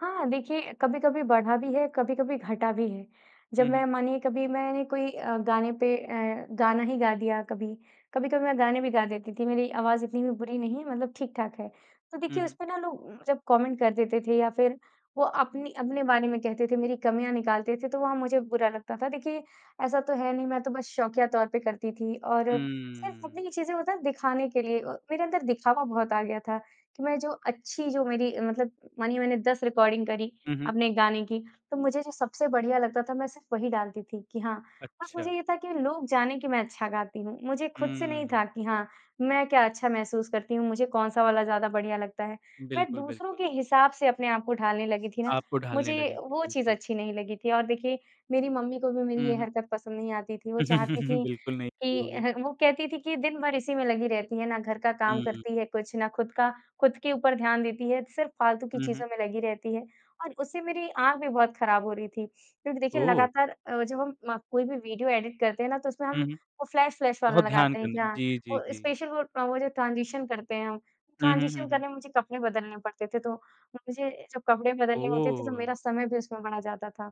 हाँ, देखिए, कभी-कभी बढ़ा भी है, कभी-कभी घटा भी है। जब हुँ, हुँ। मैं मानिए कभी मैंने कोई अ, गाने पे अ, गाना ही गा दिया कभी, कभी-कभी मैं गाने भी गा देती थी मेरी आवाज़ इतनी भी बुरी नहीं, मतलब ठीक-ठाक है। तो हुँ, देखिए उस हुँ। पर ना लोग उम, जब कमेंट कर देते थे या फिर वो अपनी अपने बारे में कहते थे, मेरी कमियाँ निकालते थे तो वहाँ मुझे बुरा लगता था। देखिए ऐसा तो है नहीं मैं तो बस शौकिया तौर पे करती थी। और सिर्फ़ हुँ। अपनी चीजें होता है दिखाने के लिए अ, मेरे अंदर दिखावा बहुत आ गया था कि मैं जो अच्छी जो मेरी अ, मतलब मानिए मैंने 10 रिकॉर्डिंग करी हुँ, हुँ। अपने गाने की। तो मुझे जो सबसे बढ़िया लगता था मैं सिर्फ़ वही डालती थी। कि हाँ, बस मुझे अच्छा। ये था कि लोग जाने कि मैं अच्छा गाती हूँ। मुझे खुद से नहीं हुँ। था कि हाँ, मैं क्या अच्छा महसूस करती हूँ, मुझे कौन-सा वाला ज़्यादा बढ़िया लगता है। मैं बिल्कुल, दूसरों बिल्कुल। के हिसाब से अपने आप को ढालने लगी थी ना आपको ढालने मुझे लगेंगे। वो चीज़ बिल्कुल। अच्छी नहीं लगी थी। और देखिए मेरी मम्मी को भी मेरी हुँ, ये हुँ। हरकत पसंद नहीं आती थी। वो चाहती थी बिल्कुल नहीं शुरू कि अ, होगी। वो कहती थी कि, "दिन भर इसी में लगी रहती है, ना घर का काम हुँ। करती है कुछ ना खुद का खुद के ऊपर ध्यान देती है, सिर्फ़ फालतू की हुँ, हुँ। चीज़ों में लगी रहती है।" और उससे मेरी आँख भी बहुत खराब हो रही थी। क्योंकि देखिए, ओह! लगातार अ, जब हम कोई भी वीडियो एडिट करते हैं ना तो उसमें हुँ, हम हुँ। वो फ्लैश-फ्लैश वाला बहुत ध्यान लगाते हैं। कि करने मे। हाँ, जी, जी, वो जी। स्पेशल वो वो जो ट्रांज़ीशन करते हैं हम, हुँ, हुँ, हुँ, ट्रांज़ीशन हुँ। करने में मुझे कपड़े बदलने पड़ते थे। तो मुझे जब कपड़े बदलने होते थे तो ओह! मेरा समय भी उसमें बड़ा जाता था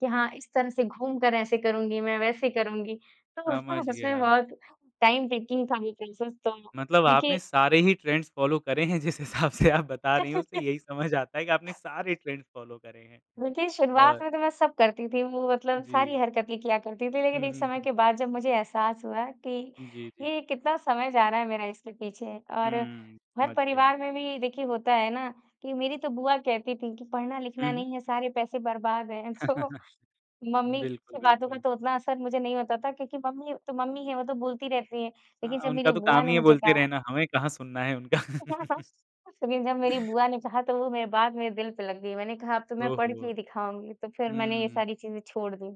कि, हाँ, इस तरह से घूम कर ऐसे करुँगी मैं, वैसे करुँगी। तो उसमें ना समझ सच मे गया। बहुत टाइम टेकिंग था वो प्रॉसेस। तो मतलब देखिए आपने सारे ही ट्रेंड्स फॉलो करे हैं जिस हिसाब से आप बता रही हो। उसे यही समझ आता है कि आपने सारे ट्रेंड्स फॉलो करे हैं। देखिए, शुरुआत और में तो मैं सब करती थी। वो उ, मतलब सारी जी। हरकतें किया करती थी। लेकिन हुँ, एक हुँ, समय हुँ। के बाद जब मुझे एहसास हुआ कि जी, जी। ये कितना समय जा रहा है मेरा इसके पीछे। और हुँ, समझ गया। घर-परिवार में भी देखिए होता है ना कि मेरी तो बुआ कहती थी कि पढ़ना हुँ, लिखना हुँ। नहीं है सारे पैसे बर्बाद है। सो मम्मी बिल्कुल, की बातों का बिल्कुल। तो उतना असर मुझे नहीं होता था क्योंकि मम्मी तो मम्मी है वो तो बोलती रहती हैं। हाँ, लेकिन जब उनका मेरी तो बुआ काम ने ही है मुझे बोलते कहा रहना हमें कहाँ सुनना है उनका। लेकिन जब मेरी बुआ ने कहा तो वो मेरी बात मेरे दिल पे लग गयी। मैंने कहा अब तो मैं ओह पढ़ के हो! ही दिखाऊँगी। तो फिर मैंने ये हुँ। सारी चीज़ें छोड़ दी।